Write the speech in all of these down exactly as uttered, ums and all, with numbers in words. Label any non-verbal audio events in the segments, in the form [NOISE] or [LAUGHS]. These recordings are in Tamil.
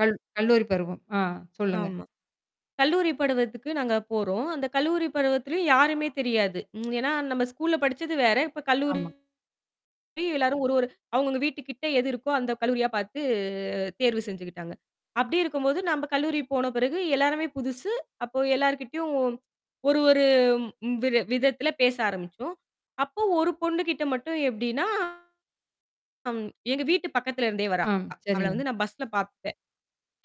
கல் கல்லூரி பருவம் அ சொல்லுங்க. ஆமா கல்லூரிப் படுவதற்கு நாங்க போறோம். அந்தக் கல்லூரி பருவத்தில யாருமே தெரியாது. ஏன்னா நம்ம ஸ்கூல்ல படிச்சது வேற. இப்ப கல்லூரி ஆமா. எல்லாரும் ஒரு ஒரு அவுங்க அவுங்க வீட்டு கிட்ட எது இருக்கோ அந்தக் கல்லூரியா பாத்து, அ தேர்வு செஞ்சுக்கிட்டாங்க. அப்படி இருக்கும்போது, நம்ப கல்லூரி போன பிறகு எல்லாமே புதுசு. அப்போ எல்லார்கிட்டயும் ஒரு ஒரு ம் வி விதத்துல பேச ஆரம்பிச்சோம். அப்போ ஒரு பொண்ணு கிட்ட மட்டும் எப்டின்னா, அம் எங்க வீட்டு பக்கத்துல இருந்தே வரா. ம். அவள சரிங்க. வந்து நான் பஸல பாத்தேன்.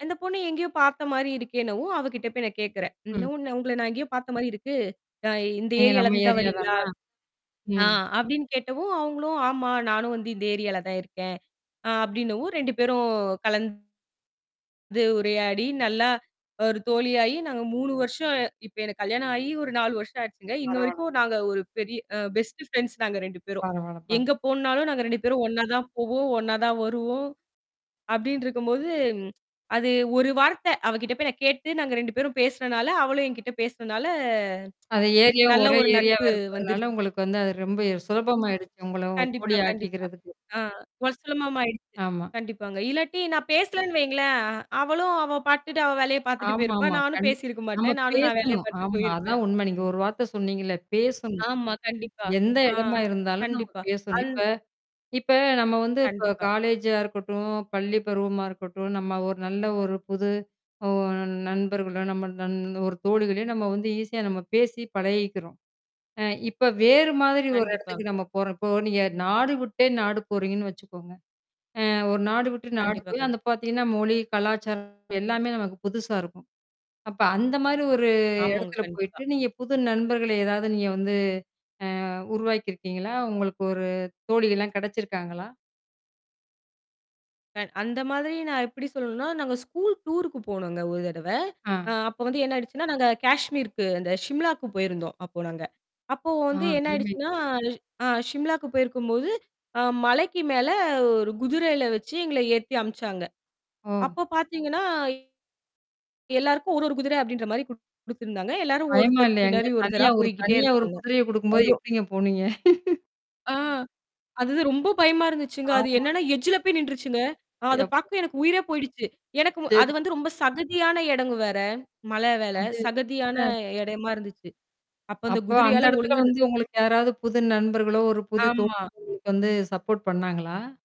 அந்தப் பொண்ணு எங்கயோ பாத்த மாரி இருக்கேன்னவும், அவ கிட்ட போய் நான் கேக்குறேன். ம். "நான் உன்ன உங்கள நான் எங்கயோ பாத்த மாரி இருக்கு. அ இந்த நீங்க ஏரியால நம்ம இருந்து தான் ஏரியா வரீங்களா?" தானா? அ ம் அப்டின்னு கேட்டவும் அவுங்களும் "ஆமா நானும் இந்த ஏரியால தான் இருக்கேன்" அ அப்படின்னவும் ரெண்டு பேரும் கலந்து, உரையாடி நல்லா ஒரு தோழியாயி நாங்க மூணு வருஷம் இப்ப எனக்குக் கல்யாணம் ஆயி ஒரு நாலு வருஷம் ஆச்சுங்க. இன்ன பரவால்லங்க. வரைக்கும் நாங்க ஒரு பெரிய அ பெஸ்ட் ஃபிரண்ட்ஸ் நாங்க ரெண்டு பேரும். பரவாயில்ல பர எங்க போணுனாலும் நாங்க ரெண்டு பேரும் ஒன்னா தான் போவோம். ஒன்னா தான் வருவோம் அப்படின்னு இருக்கும்போது ம் அது ஒரு வார்த்தை. அவ கிட்ட போய்க் கேட்டு நாங்க ரெண்டு பேரும் பேசுனனால, அவளும் என்கிட்ட பேசனனால, அது ஏரியாவும் நல்ல ஒரே ஒரு ஏரியாவ நட்பு வந்துரு இருக்குறதுனால உங்களுக்கு வந்து அது ரொம்ப ய சுலபமா ஆயிடுச்சு உங்கள ஒரு கண்டிப்பா கண்டிப்பா தோழியாக்கிக்கிறதுக்கு. ஒஸ்ரமமாயிடுச்சு சுலபமாயிடுச்சு. ஆமா. கண்டிப்பாங்க இல்லாட்டி, நான் பேசலைன்னு வைங்களேன், அவளும், அவ பாத்துட்டு, அவ வேலைய பாத்துட்டு போயிருப்பா. ஆமா-ஆமா. நானும் கண்டிப். பேசியிருக்க நாம மாட்டேன். நானும் நான் வேலைய பேசணும். பாத்துட்டு ஆமா. போயிருப்பேன். அதான் உண்ம. நீங்க ஒரு வார்த்த சொன்னீங்களே! பேசணும். ஆமா. கண்டிப்பா எந்த ஆ எடமா இருந்தாலும் நம்ம கண்டிப்பா, பேசணும். இப்ப இப்ப நம்ம வந்து இப்ப கண்டிப்பா. காலேஜா இருக்கட்டும், பள்ளி பருவமா இருக்கட்டும், நம்ம ஒரு நல்ல ஒரு புது ஒ நண்பர்களோ, நம்ம ஒரு தோழிகளையோ நம்ம வந்து ஈஸியா நம்ம பேசி பழகிக்கிறோம். அ இப்ப வேறு மாதிரி ஒரு இடத்துக்கு கண்டிப்பாங் நம்ம போறப்போ, நீங்க நாடு விட்டே நாடு போறீங்கன்னு வச்சுக்கோங்க. அ ஒரு நாடு விட்டு நாடு கண்டிப்பா போயி கண்டி அந்த பாத்தீங்கன்னா, மொழி, கலாச்சாரம், எல்லாமே நமக்கு புதுசா இருக்கும். அப்ப அந்த மாதிரி ஒரு ஆமாங்க. எடத்துல கண்டிப்பா. போயிட்டு, நீங்கப் புது நண்பர்களை ஏதாவது நீங்க வந்து அ உருவாக்கி இருக்கீங்களா? உங்களுக்கு ஒரு தோழி எல்லாம் கிடைச்சுருக்காங்களா? கண் அந்த மாதிரி நான் எப்படி சொல்லணும்னா நாங்க ஸ்கூல் டூர்க்கு போனோங்க ஒரு தடவை ஆ. அ அப்போ வந்து என்ன ஆயிடுச்சுன்னா, நாங்க காஷ்மீருக்கு அந்த ஷிம்லாக்கு போயிருந்தோம். அப்போ நாங்க. அப்போ ஆ, வந்து என்ன அருமைங்க. ஆயிடுச்சுன்னா ஆ ஷிம்லாக்கு போயிருக்கும் போது, அ மலைக்கு மேல ஒரு குதிரைல வச்சு எங்கள ஏத்தி அம்ச்சாங்க. ஓ. அப்போ பாத்தீங்கன்னா, எல்லாருக்கும் ஒரு ஒரு குதிரை அப்டின்ற மாரி குடுத்திருந்தாங்க. எல்லாரும் பயமா ஒருத்தருக்கு இல்லையாங்க? எங்க பின்னாடி ஒருத்தரா தனியா ஒரு போய்க்கிட்டே தனியா ஒரு இருப்பாங்க. குதிரைய குடுக்கும்போது [UNINTELLIGIBLE] எப்படிங்க போனீங்க? [LAUGHS] அ அது தான் ரொம்ப பயமா இருந்துச்சுங்க. அது ஆமா. என்னன்னா எட்ஜுல போய் நிண்டுருச்சுங்க. அ அ அது யப்பா! பாக்க எனக்கு உயிரே போயிடுச்சு. எனக்கு அது சரி. வந்து ரொம்ப சகதியான எடங்க வேற, மலவேல, அது சகதியான அ. இடமா இருந்துச்சு. அப்போ அந்தக் அப்போ அந்த குதிரையால எடத்துல ஒழுங்கா வந்து உங்களுக்கு யாராவது புது நண்பர்களோ, ஒரு புது ஆமா. தோழி வந்து சப்போர்ட் பண்ணாங்களா?